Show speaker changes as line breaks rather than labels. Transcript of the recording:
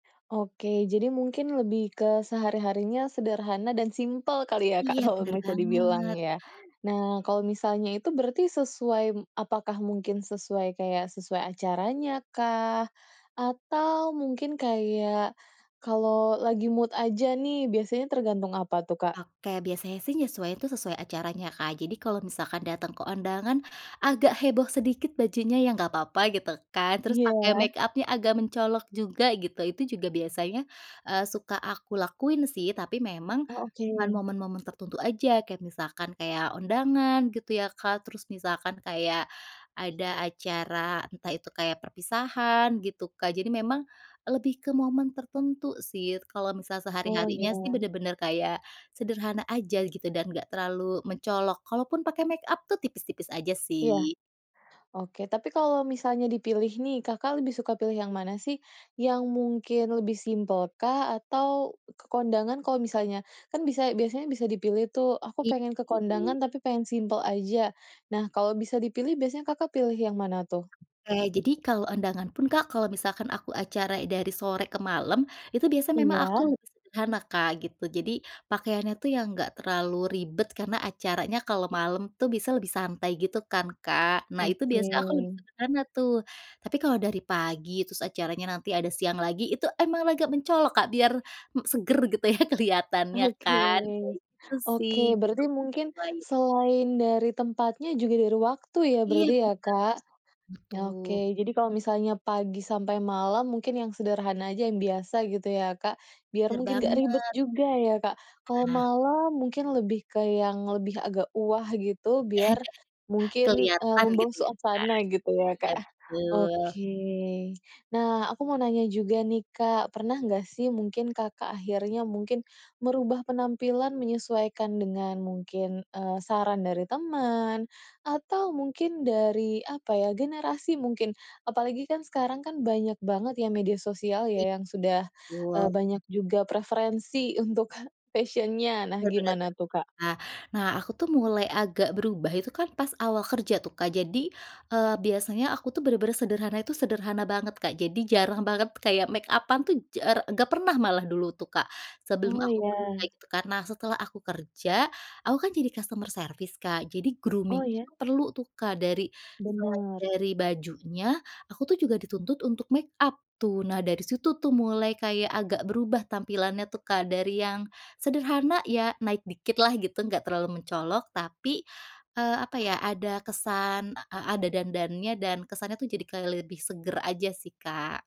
Oke, jadi mungkin lebih ke sehari-harinya sederhana dan simpel kali ya Kak,
Iya,
kalau
benar
bisa dibilang
banget.
ya. Nah kalau misalnya itu berarti sesuai apakah mungkin sesuai kayak sesuai acaranya kah, atau mungkin kayak kalau lagi mood aja nih biasanya tergantung apa tuh, Kak?
Oke, biasanya sih menyesuaikan itu sesuai acaranya, Kak. Jadi kalau misalkan datang ke undangan agak heboh sedikit bajunya ya, nggak apa-apa gitu kan, terus pakai
Iya.
makeup-nya agak mencolok juga, gitu, itu juga biasanya, eee, suka aku lakuin sih, tapi memang
Oh oke.
cuman momen-momen tertentu aja, kayak misalkan kayak undangan gitu ya Kak, terus misalkan kayak ada acara entah itu kayak perpisahan gitu Kak, jadi memang lebih ke momen tertentu sih. Kalau misal
Oh
sehari-harinya sih
iya.
benar-benar kayak sederhana aja gitu, dan enggak terlalu mencolok kalaupun pakai makeup tuh tipis-tipis aja
Iya,
sih.
oke. Tapi kalau misalnya dipilih nih, Kakak lebih suka pilih yang mana sih, yang mungkin lebih simpel kah, atau ke kondangan kalau misalnya kan bisa biasanya bisa dipilih tuh, "aku
Ih
pengen ke kondangan tapi pengen simpel aja". Nah kalau bisa dipilih, biasanya Kakak pilih yang mana tuh?
Oke, jadi kalau undangan pun Kak, kalau misalkan aku acara dari sore ke malam, itu biasanya memang aku
Iya.
lebih sederhana Kak gitu. Jadi pakaiannya tuh yang enggak terlalu ribet karena acaranya kalau malam tuh bisa lebih santai gitu kan, Kak. Nah itu
Oke.
biasanya aku lebih sederhana tuh. Tapi kalau dari pagi, terus acaranya nanti ada siang lagi, itu emang agak mencolok Kak, biar, e segar gitu ya, kelihatannya
Oke
kan, kayak gitu
oke.
sih,.
Berarti mungkin,
[unintelligible]
selain dari tempatnya juga dari waktu ya,
Iya
berarti ya,
benar,
Kak.
betul.
Oke, jadi kalau misalnya pagi sampai malam mungkin yang sederhana aja, yang biasa gitu ya Kak. Biar
Benar
mungkin nggak ribet
banget.
juga ya, Kak. Kalau
Nah
malam mungkin lebih ke yang lebih, agak wah gitu biar mungkin
Keliatan
membangun
gitu ya, Kak.
suasana gitu, ya
Iya
Kak
betul.
oke. Nah aku mau nanya juga nih Kak, pernah nggak sih mungkin Kakak akhirnya mungkin merubah penampilan menyesuaikan dengan mungkin, eee, saran dari teman atau mungkin, dari apa ya, generasi mungkin, apalagi kan sekarang kan banyak banget ya media sosial
I
yang sudah, e
betul.
banyak juga preferensi untuk fashion-nya, nah
Benar benar.
gimana tuh, Kak?
Nah nah aku tuh mulai agak berubah itu kan pas awal kerja tuh Kak. Jadi, eee, biasanya aku tuh benar-benar sederhana itu sederhana banget, Kak. Jadi jarang banget kayak makeup-an tuh jara nggak pernah malah dulu tuh Kak, sebelum
Oh
aku kerja
ya.
gitu. Karena setelah aku kerja aku kan jadi customer service Kak, jadi grooming
Oh iya?
itu perlu tuh Kak dari selain
Benar.
dari bajunya aku tuh juga dituntut untuk makeup tuh. Nah dari situ tuh mulai kayak agak berubah tampilannya tuh Kak dari yang sederhana, ya naik dikit lah gitu, nggak terlalu mencolok tapi, eee, apa ya, ada kesan, e ada dandannya dan kesannya tuh jadi lebih seger aja sih, Kak.